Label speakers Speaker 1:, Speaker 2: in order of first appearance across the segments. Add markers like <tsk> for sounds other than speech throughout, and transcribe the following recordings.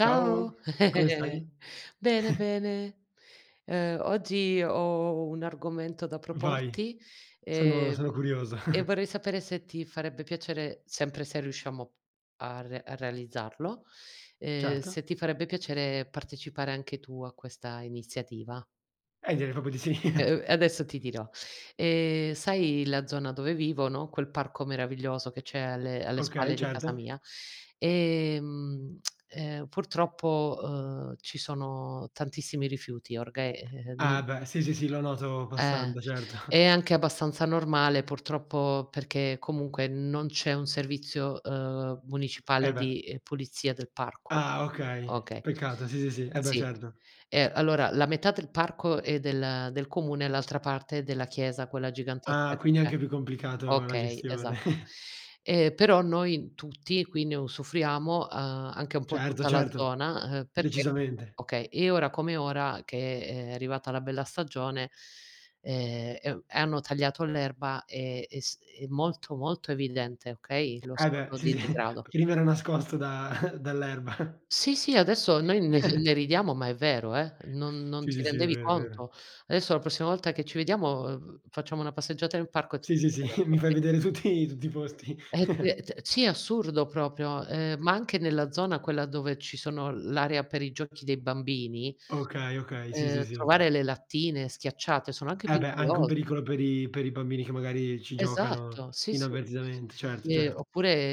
Speaker 1: Ciao, come
Speaker 2: <chuckles>
Speaker 1: stai?
Speaker 2: bene,
Speaker 1: <chuckles>
Speaker 2: bene. Ehm, oggi ho un argomento da
Speaker 1: Vai,
Speaker 2: proporti,
Speaker 1: sono
Speaker 2: ehm,
Speaker 1: sono curioso.
Speaker 2: e
Speaker 1: <chuckles>
Speaker 2: vorrei sapere se ti farebbe piacere, sempre se riusciamo a re a realizzarlo, ehm,
Speaker 1: Certo.
Speaker 2: se ti farebbe piacere partecipare anche tu a questa iniziativa?
Speaker 1: Eh, direi proprio di sì.
Speaker 2: E
Speaker 1: <chuckles>
Speaker 2: uhm, e adesso ti dirò. Ehm, sai la zona dove vivo, no, quel parco meraviglioso che c'è alle alle
Speaker 1: Okay,
Speaker 2: spalle di casa
Speaker 1: certo.
Speaker 2: mia, ehm, <tsk> ehm, purtroppo, uhm, ci sono tantissimi rifiuti, orghe ehm,
Speaker 1: Ah,
Speaker 2: mhmm
Speaker 1: beh, sì, sì, sì, lo noto
Speaker 2: Eh.
Speaker 1: passando, certo.
Speaker 2: È
Speaker 1: <chuckles>
Speaker 2: anche abbastanza normale, purtroppo, perché comunque non c'è un servizio, ehm, municipale
Speaker 1: Eh, beh.
Speaker 2: di, uhm, pulizia del parco.
Speaker 1: Ah, okay,
Speaker 2: Okay,
Speaker 1: peccato, sì, sì, sì, eh, beh
Speaker 2: sì.
Speaker 1: certo.
Speaker 2: Ehm, allora la metà del parco è del ehm, del comune e l'altra parte è della chiesa, quella gigantesca
Speaker 1: Ah,
Speaker 2: che
Speaker 1: quindi è
Speaker 2: c'è.
Speaker 1: anche più complicato la
Speaker 2: Okay,
Speaker 1: gestione.
Speaker 2: esatto,
Speaker 1: <chuckles>
Speaker 2: ehm, però noi tutti, quindi usufruiamo, uhm, anche un po'
Speaker 1: Certo,
Speaker 2: tutta la
Speaker 1: certo,
Speaker 2: zona, ehm, perché
Speaker 1: decisamente.
Speaker 2: okay, e ora come ora, che è arrivata la bella stagione, ehm, e u e hanno tagliato l'erba e e s è molto molto evidente, okay, lo
Speaker 1: Eh, beh,
Speaker 2: stato
Speaker 1: sì,
Speaker 2: di
Speaker 1: sì,
Speaker 2: degrado.
Speaker 1: prima era nascosto da <chuckles> dall' erba. <chuckles>
Speaker 2: Sì, sì adesso noi ne
Speaker 1: <chuckles>
Speaker 2: ne ridiamo ma è vero, eh, non non
Speaker 1: Sì,
Speaker 2: ti
Speaker 1: sì, sì, è
Speaker 2: rendevi
Speaker 1: vero, è vero.
Speaker 2: conto. Adesso la prossima volta che ci vediamo, uhm, facciamo una passeggiata nel parco te
Speaker 1: Sì,
Speaker 2: lo
Speaker 1: sì,
Speaker 2: faccio
Speaker 1: sì,
Speaker 2: vedere,
Speaker 1: <chuckles> mi fai
Speaker 2: okay.
Speaker 1: vedere tutti tutti i posti.
Speaker 2: Eh,
Speaker 1: <chuckles>
Speaker 2: <unintelligible> sì è assurdo proprio, ehm, ma anche nella zona quella dove ci sono l'area per i giochi dei bambini,
Speaker 1: Okay, okay, sì, sì,
Speaker 2: ehm,
Speaker 1: sì.
Speaker 2: trovare le lattine schiacciate, sono anche
Speaker 1: Eh, beh, anche un
Speaker 2: pericolose,
Speaker 1: pericolo
Speaker 2: inso
Speaker 1: per i per i bambini che magari ci giocano
Speaker 2: Esatto, sì, sì.
Speaker 1: inavvertitamente, certo,
Speaker 2: Ehm,
Speaker 1: certo.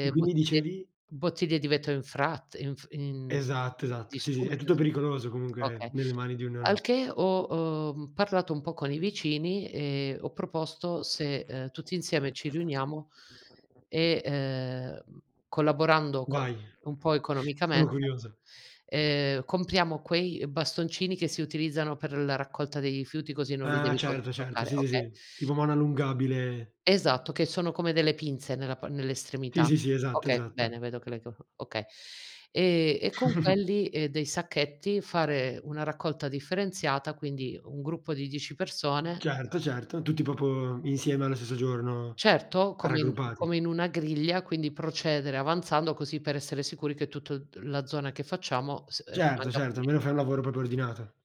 Speaker 1: E quindi
Speaker 2: bottiglie
Speaker 1: dicevi?
Speaker 2: bottiglie di vetro in fratt in f in
Speaker 1: Esatto, esatto, sì, sì, è
Speaker 2: distrutte
Speaker 1: tutto
Speaker 2: inso
Speaker 1: pericoloso comunque
Speaker 2: okay.
Speaker 1: nelle mani di un
Speaker 2: Al
Speaker 1: neonato.
Speaker 2: che ho, uhm, parlato un po' con i vicini e ho proposto se, ehm, tutti insieme ci riuniamo
Speaker 1: <unintelligible>
Speaker 2: e, ehm, mhmm, collaborando co
Speaker 1: Vai,
Speaker 2: un po'
Speaker 1: sono
Speaker 2: economicamente,
Speaker 1: curioso.
Speaker 2: ehm, compriamo quei, ehm, bastoncini che si utilizzano per la raccolta dei rifiuti così non li
Speaker 1: Ah,
Speaker 2: devi to
Speaker 1: certo, certo,
Speaker 2: toccare,
Speaker 1: sì, sì,
Speaker 2: okay.
Speaker 1: sì, tipo mano allungabile.
Speaker 2: Esatto che sono come delle pinze nella pa
Speaker 1: Sì,
Speaker 2: nell'estremità.
Speaker 1: sì, sì esatto,
Speaker 2: Okay,
Speaker 1: esatto.
Speaker 2: bene, vedo che le co okay. Ehm, e con
Speaker 1: <chuckles>
Speaker 2: quelli e dei sacchetti fare una raccolta differenziata, quindi un gruppo di 10 persone
Speaker 1: Certo, certo, tutti proprio insieme allo stesso giorno,
Speaker 2: Certo,
Speaker 1: a
Speaker 2: come in
Speaker 1: raggruppati.
Speaker 2: come in una griglia, quindi procedere avanzando, così per essere sicuri che tutt la zona che facciamo s ehm,
Speaker 1: Certo,
Speaker 2: rimanga
Speaker 1: certo,
Speaker 2: puli
Speaker 1: almeno fai un lavoro proprio ordinato.